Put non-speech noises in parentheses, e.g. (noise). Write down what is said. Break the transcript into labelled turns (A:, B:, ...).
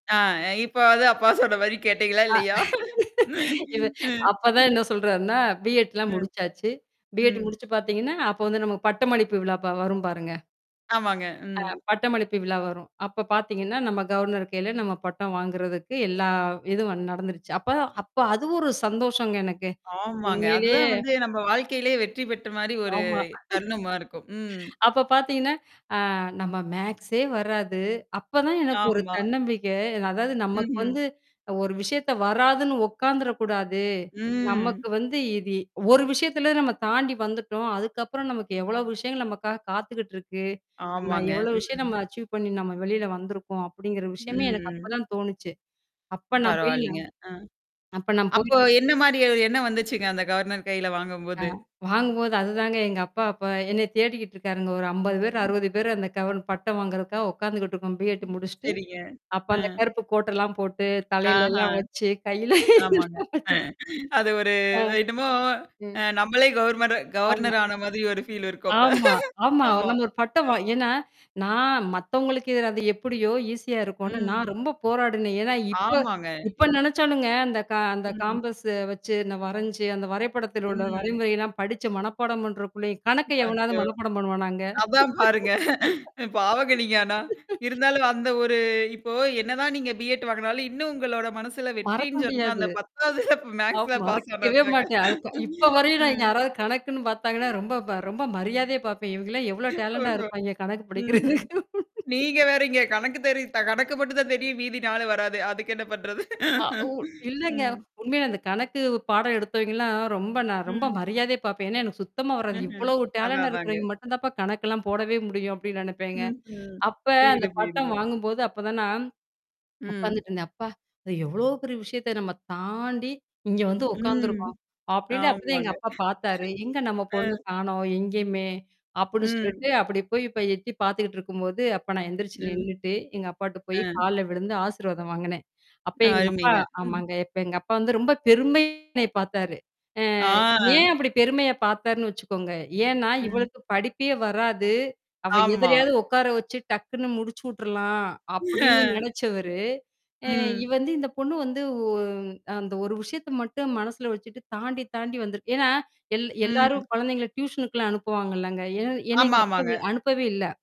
A: அ இப்போவாவது அப்பா சொல்ற மாரி கேட்டீங்களா?
B: அ
A: இல்லையா?
B: (laughs) இத அப்ப தான்
A: (laughs)
B: என்ன சொல்றார்ன்னா பி-எட்ல்லாம்
A: ம்.
B: முடிச்சாச்சு. பி-எட்
A: ம்.
B: முடிச்சு பாத்தீங்கன்னா, அப்போ வந்து நமக்கு பட்டமளிப்பு விழா பா வரும் பாருங்க?
A: ஆமாங்க. ம்.
B: அ, பட்டமளிப்பு விழா வரும். அப்ப பாத்தீங்கன்னா, நம்ம கவர்னர் கையில நம்ம பட்டம் வாங்குறதுக்கு எல்லா இதும் நடந்துருச்சு. அப்ப அப்ப அது ஒரு சந்தோஷங்க. எனக்கு
A: ஆமாங்க. அது
B: உண்மையிலயே
A: தான் வந்து, நம்ப வாழ்க்கையிலயே வெற்றி பெற்ற மாரி ஒரு
B: ஆமா.
A: தருணமா இருக்கும். ம்.
B: (laughs) அப்ப பாத்தீங்கன்னா, ஆ நம்ம மேத்ஸே வராது அப்ப தான் எனக்கு ஒரு
A: ஆமா.
B: தன்னம்பிக்கை அதாவது நமக்கு
A: ம்ஹ்ம்.
B: வந்து, அ ஒரு விஷயத்த வராதுன்னு ஒக்காந்துரக் கூடாது. நமக்கு
A: ம்.
B: வந்து இது ஒரு விஷயத்துல நம்ம தாண்டி வந்துட்டோம். அதுக்கப்புறம் நமக்கு, எவ்ளோ விஷயங்கள் நமக்காகக் காத்துகிட்டு இருக்கு. நம்ம
A: ஆமாங்க.
B: எவ்ளோ
A: ம்.
B: விஷயம் அச்சிவ் பண்ணி நம்ம வெளியில வந்திருக்கோம்! அப்படிங்கற விஷயமே, எனக்கு
A: ம்.
B: அப்பதான் தோணுச்சு. அப்ப நான் போயி
A: பரவால்லிங்க.
B: நான்
A: அ.
B: அப்ப நான் போயி
A: அப்போ என்ன மாரி ஒரு எண்ணம் வந்துச்சுங்க அந்தக் கவர்னர் கையில
B: அ
A: வாங்கம்போது?
B: வாங்கும்போது அதுதாங்க எங்க அப்பா அப்ப என்னய தேடிக்கிட்டு இருக்காருங்க. ஒரு 50 பேரு
A: ம்.
B: 60 பேர் அந்த கவு பட்டம் வாங்குறதுக்காக உக்காந்துகிட்டு இருக்கோம், பி-எட்
A: ம்
B: முடிச்சுட்டு.
A: சரிங்க.
B: அப்ப
A: அ.
B: அந்த கருப்பு கோட் எல்லாம் போட்டு, தலையில எல்லாம்
A: அஹான்.
B: வச்சு, கையில
A: ஆமாங்க.
B: எல்லாம் வச்சுக்
A: (laughs) அது ஒரு அ
B: ம்,
A: என்னமோ,
B: ம்.
A: நம்மளே கவர்னர்-
B: ஆமா.
A: கவர்னர் ஆன மாரி ஒரு ஃபீல் இருக்கும் அப்ப.
B: ஆமா
A: (laughs)
B: ஆமா.
A: ஆமா,
B: நம்ம ஒரு பட்டம்
A: அ.
B: வா ஏன்னா, நான் மத்தவங்களுக்கு அது எப்படியோ? ஈஸியா இருக்கும்னு நான்
A: ம்.
B: ரொம்ப போராடினேன். ஏன்னா, இப்ப
A: ஆமாங்க.
B: இப்ப
A: எ.
B: நெனைச்சாலுங்க அந்த கா அந்த
A: ம்.
B: காம்பஸ்ஸ வச்சு, அந்த வரைஞ்சு, அந்த வரைபடத்தில உள்ள
A: ம்.
B: வரைமுறை எல்லாம் படிச்சு மனப்பாடம் பண்றக்குள்ளயும்
A: ம்.
B: கணக்க எவனாவது
A: ஆச்சோ!
B: மனப்பாடம் பண்ணுவானாங்க?
A: அதான் பாருங்க (laughs) பாவங்க நீங்க ஆனா.
B: (laughs)
A: இருந்தாலும் அந்த ஒரு இப்போ என்னதான் நீங்க பி-எட் வாங்கினாலும், இன்னும் உங்களோட மனசுல
B: மறக்க
A: வெற்றின்னு சொன்னா,
B: முடியாது.
A: அந்தப் 10வதுல
B: ஆமா
A: மேத்ஸ்ல பாஸ்
B: மறக்கவே
A: ஆனத்தாங்க.
B: மாட்டேன். அதுக் இப்போ
A: (laughs)
B: வரையும் நான்
A: ம்.
B: யாராவது கணக்குன்னு பாத்தாங்கன்னா, ரொம்ப பா ரொம்ப மரியாதையா பாப்பேன். இவங்கல்லாம் எவ்ளோ டேலண்டா
A: ஓஹோ!
B: இருப்பாயங்க. கணக்கு படிக்கிறதுக்கு
A: ம்ஹ்ம்,
B: (laughs)
A: நீங்க வேறங்க, கணக்கு தெரியும்! கணக்கு மட்டும்தான் தெரியும்! மீதி 4ம் வராது. அதுக்கு என்ன பண்றது?
B: அ ஊ இல்லங்க!
A: (laughs)
B: உண்மையில இந்தக் கணக்கு பாடம் எடுத்தவைங்க எல்லாம், ரொம்ப நா ரொம்ப
A: ம்.
B: மரியாதையா பாப்பேன். எனக்குச் சுத்தமா வராது.
A: ம்ஹ்ம்.
B: "இவ்வளவு
A: அதான்
B: டேலண்ட்டா
A: அதாங்க.
B: இருக்கிறவய்ங்க மட்டும்தாப்பா கணக்கெல்லாம் போடவே முடியும்" அப்படின்னு நெனப்பேங்க.
A: ம் ம்.
B: அப்ப,
A: புரியுது
B: அந்தப் பட்டம்
A: புரியுதுங்க.
B: வாங்கும் போது, அப்பத் தான் நான்
A: ம்,
B: உக்காந்துட்டுருந்தேன். "அப்பா இத எவ்ளோ பெரிய விஷயத்த நம்ம தாண்டி இங்க வந்து உக்காந்து
A: ம்.
B: இருக்கோம்" அப்படின்டு அப்பத் தான்
A: ஆமாங்க,
B: எங்க அப்பா பாத்தாரு. "எங்க நம்ம
A: அ.
B: பொண்ணு காணோம், எங்கயுமே!" அப்புடின்னு
A: ம்.
B: சொல்லிட்டு, அப்படி போய் இப்ப எட்டி பாத்துக்கிட்டுருக்கும்போது, அப்ப நான் எந்திருச்சு
A: ம்.
B: நின்னுட்டு, எங்க அப்பாட்ட போயி
A: அ.
B: கால்ல விழுந்து, ஆசிர்வாதம் வாங்குனேன். அப்ப எங்க அப்பா
A: அருமைங்க ம்.
B: ஆமாங்க, அப்ப எங்க அப்பா வந்து ரொம்ப பெருமையா என்னய பார்த்தாரு. அ
A: ஆ
B: ஏன் அப்படி பெருமையா பாத்தார்ன்னு வச்சுக்கோங்க? ஏன்னா?
A: ம்.
B: "இவளுக்குப் படிப்பே வராது. அவ
A: ஆமா.
B: எதிலயாவது ஒக்கார வச்சு, டக்குன்னு முடிச்சுவுட்ரலாம்" அப்படின்னு
A: அ
B: நெனைச்சவரு, எ இ
A: ம்.
B: வந்து இந்தப் பொண்ணு வந்து ஒ அ அந்த ஒரு விஷயத்த மட்டும் மனசுல வச்சுட்டு, தாண்டி தாண்டி வந்துருக்கு. ஏன்னா எல் எல்லாரும்
A: ம்.
B: குழந்தைங்கள டியூசனுக்கெல்லாம் அனுப்புவாங்கலங்கா. என என்னைய
A: ஆமா
B: எங்க அப்பா
A: ஆமாங்க.
B: அனுப்பவே இல்ல.